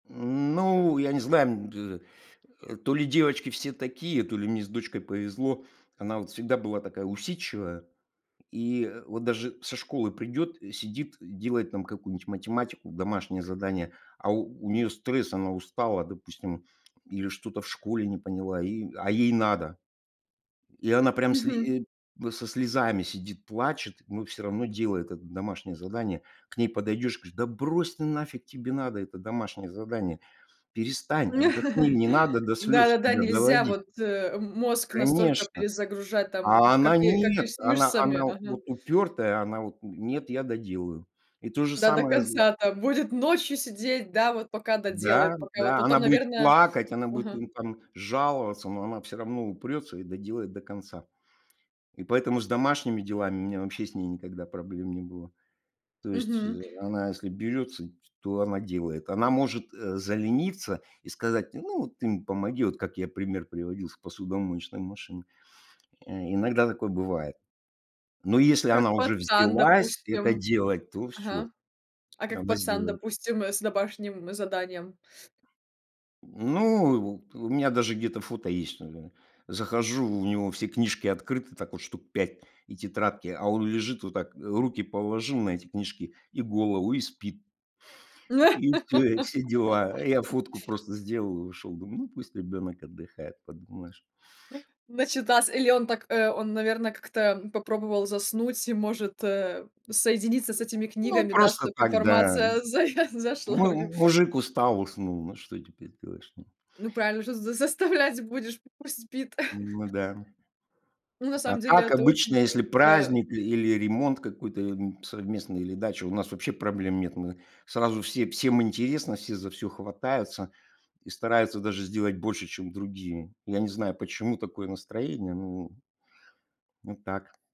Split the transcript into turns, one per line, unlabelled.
М, ну, я не знаю, бз э, то ли девочки все такие, то ли мне с дочкой повезло, она, вот, всегда была такая усидчивая, и вот даже со школы придёт, сидит, делает там какую-нибудь математику, домашнее задание, а у неё стресс, она устала, допустим, или что-то в школе не поняла и а ей надо. И она прям
Мгм.
сли э, со слезами сидит, плачет, но всё равно делает это домашнее задание. К ней подойдешь, говорю: "Да брось ты, нафиг тебе надо это домашнее задание? Перестань, отдохни, не надо до слез
Да-да-да,
себя
нельзя,
доводить".
вот, э, мозг настолько
Конечно!
перезагружать, там,
А она:
каки как
"Нет".
есть
Она
мышцами.
она вот упёртая, она вот: "Нет, я доделаю",- и то же
Да, до
самое з
конца там будет ночью сидеть, да, вот пока
Да,
доделает, пока вот
да. Она
потом,
будет
наверное
плакать, она будет,
ага.
там, жаловаться, но она всё равно упрётся и доделает до конца. И поэтому с домашними делами у меня вообще с ней никогда проблем не было. То есть
Мгм.
она если берётся, то она делает. Она может, э, залениться и сказать: "Ну, ты мне помоги". Вот как я пример приводил с посудомоечной машиной. Э, иногда такое бывает, но если
А как
она уже
пацан,
взялась это
допустим
делать, то всё,
ага. А как
она
пацан,
сделает.
допустим, с домашним заданием?
Ну, вот, у меня вот даже где-то фото есть: захожу, у него все книжки открыты, так вот, 5 штук, и тетрадки, а он лежит вот так, руки положил на эти книжки, и голову, и спит. И всё, и все дела. Я фотку просто сделал и ушел, думаю: "Ну, пусть ребенок отдыхает. Подумаешь".
Начитался или он так э, он, наверное, как-то попробовал заснуть и, может, э, соединиться с этими
Ну,
книгами, да,
просто
чтобы
так, да.
информация зая зашла в
Му
него.
мужик устал, уснул. На что теперь сделаешь, ну?
Ну, правильно, что ж, заставлять будешь, пусть спит.
Ну да.
Ну, на
А
самом деле
так,
это очень,
обычно, если
э, это
праздник, и или ремонт какой-то, м, совместный, или дача, у нас вообще проблем нет. Мы сразу все всем интересно, все за всё хватаются и стараются даже сделать больше, чем другие. Я не знаю, почему такое настроение, ну вот так.